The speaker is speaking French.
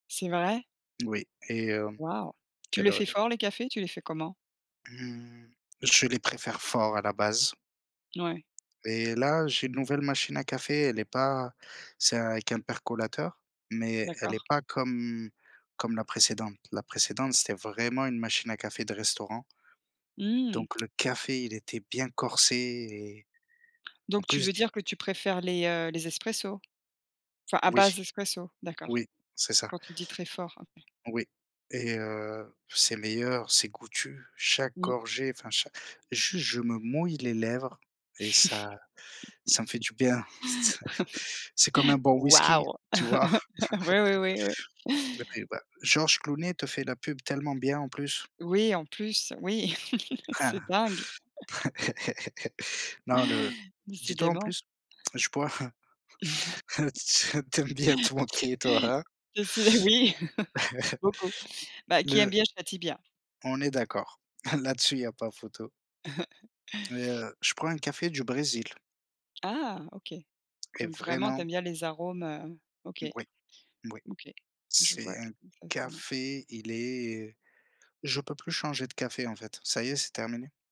C'est vrai? Oui et hem, Waouh! Tu quelle les heure fais il est? fort les cafés? Tu les fais comment? Mmh. Je les préfère fort à la base. Ouais. Et là, j'ai une nouvelle machine à café, elle est pas c'est avec un percolateur, mais elle est D'accord. pas comme comme la précédente. La précédente, c'était vraiment une machine à café de restaurant Mmh. donc le café, il était bien corsé et en Donc tu plus veux du dire que tu préfères les, heu, les espressos? Enfin à Oui. base espresso? D'accord, Oui, c'est ça. quand tu dis très fort, OK. Oui et heu, c'est meilleur, c'est goûtu. Chaque Mmh. gorgée, enfin cha juste, je me mouille les lèvres et ça ça me fait du bien. C c'est comme un bon whisky, Waouh! tu vois? Oui, oui, oui, oui. Et beh, bah, Georges Clooney te fait la pub tellement bien, en plus. Oui en plus, oui c'est dingue! Non le dis-toi en Décidément. plus, je bois hein t hein t tu aimes bien te moquer, toi, hein? Décidé oui, beaucoup. Bah, qui aime Le bien châtie bien. On est d'accord. Là-dessus, il y a pas photo. Et heu, je prends un café du Brésil. Ah OK. Et Donc vraiment, tu vraiment aimes bien les arômes, heu, OK, Oui, oui. OK, je vois C'est un exactement. café, il est, heu, je peux plus changer de café, en fait. Ça y est, c'est terminé.